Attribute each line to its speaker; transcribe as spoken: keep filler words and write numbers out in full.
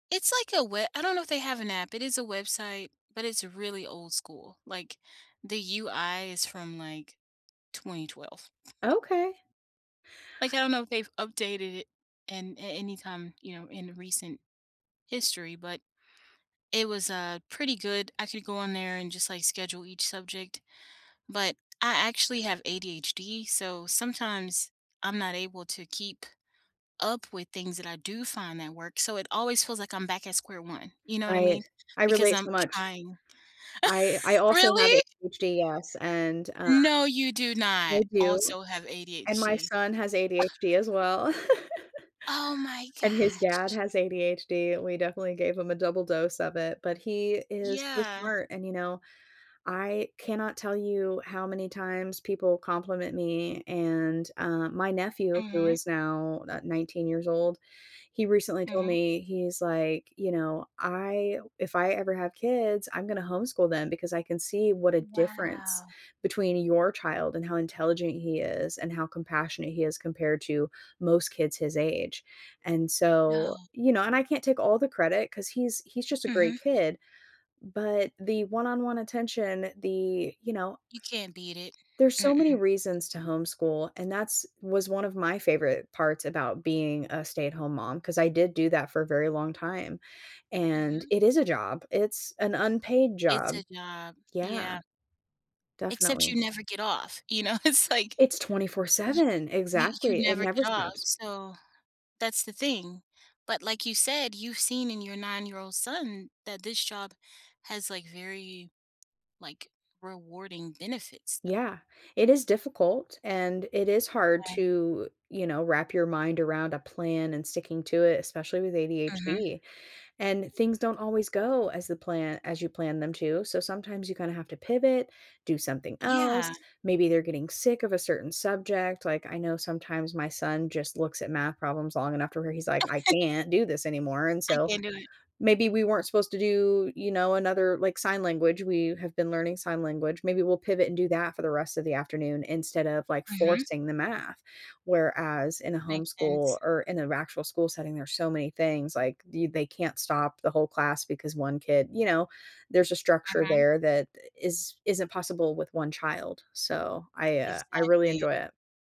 Speaker 1: It's like a we I don't know if they have an app. It is a website, but it's really old-school. Like, the UI is from, like, twenty twelve.
Speaker 2: Okay.
Speaker 1: Like, I don't know if they've updated it an a any time, you know, in recent history, but it was, uh, pretty good. I could go on there and just like schedule each subject, but I actually have ADHD, so sometimes I'm not able to keep up with things that I do find that work. So, it always feels like I'm back at square one, you know what I
Speaker 2: Right.
Speaker 1: mean?
Speaker 2: I
Speaker 1: Because
Speaker 2: relate so
Speaker 1: I'm
Speaker 2: much.
Speaker 1: trying
Speaker 2: I I also have
Speaker 1: Really?
Speaker 2: ADHD, yes, and, uh
Speaker 1: No, you do
Speaker 2: I
Speaker 1: not
Speaker 2: do.
Speaker 1: also have
Speaker 2: And my
Speaker 1: ADHD.
Speaker 2: son has ADHD as well.
Speaker 1: Oh my
Speaker 2: And his dad
Speaker 1: gosh.
Speaker 2: has ADHD. We definitely gave him a double dose of it, but he is so
Speaker 1: Yeah.
Speaker 2: smart. And you know, I cannot tell you how many times people compliment me, and, uh, my nephew, who
Speaker 1: Mhm.
Speaker 2: is now ni nineteen years old years old, he recently told
Speaker 1: Mhm.
Speaker 2: me, he's like, you know, "I if I ever have kids, I'm gonna homeschool them because I can see what a difference
Speaker 1: Wow.
Speaker 2: between your child and how intelligent he is and how compassionate he is compared to most kids his age." And
Speaker 1: No.
Speaker 2: so you know, and I can't take all the credit ‘cause he's he's just a great
Speaker 1: Mhm.
Speaker 2: kid. But the one-on-one attention, the, you know
Speaker 1: You can't beat it.
Speaker 2: there's so many
Speaker 1: Mm-mm.
Speaker 2: reasons to homeschool and that's was one of my favorite parts about being a stay-at-home mom 'cause I did do that for a very long time. And
Speaker 1: Mhm.
Speaker 2: it is a job. It's an unpaid
Speaker 1: It's
Speaker 2: job.
Speaker 1: a job.
Speaker 2: Yeah.
Speaker 1: Yeah. Except
Speaker 2: Definitely.
Speaker 1: you never get off, you know, it's like,
Speaker 2: It's twenty-four
Speaker 1: y
Speaker 2: seven.
Speaker 1: you you
Speaker 2: Exactly, it
Speaker 1: never get
Speaker 2: never
Speaker 1: off.
Speaker 2: stops.
Speaker 1: So that's the thing. But like you said, you've seen in your nine-year-old son that this job has like, very, like, rewarding benefits though.
Speaker 2: Yeah, it is difficult and it is hard
Speaker 1: Eh.
Speaker 2: to, you know, wrap your mind around a plan and sticking to it, especially with
Speaker 1: Mhm.
Speaker 2: ADHD. And things don't always go as the pla as you plan them to. So sometimes you kinda have to pivot, do something
Speaker 1: Yeah.
Speaker 2: else, maybe they're getting sick of a certain subject. Like, I know sometimes my son just looks at math problems long enough to where he's like, "I can't do this anymore." And
Speaker 1: I
Speaker 2: so,
Speaker 1: can’t do it.
Speaker 2: maybe we weren't supposed to do, you know, another like, sign language, we have been learning sign language. Maybe we'll pivot and do that for the rest of the afternoon instead of, like,
Speaker 1: Mhm.
Speaker 2: forcing the math. Where as in a
Speaker 1: Makes
Speaker 2: homeschool
Speaker 1: sense.
Speaker 2: or in an actual school setting, there's so many things like do you they can't stop the whole class because one kid you know, there's a structure
Speaker 1: Uh-huh.
Speaker 2: there that i is isn't possible with one child. So I, uh, I really
Speaker 1: Exactly.
Speaker 2: enjoy it.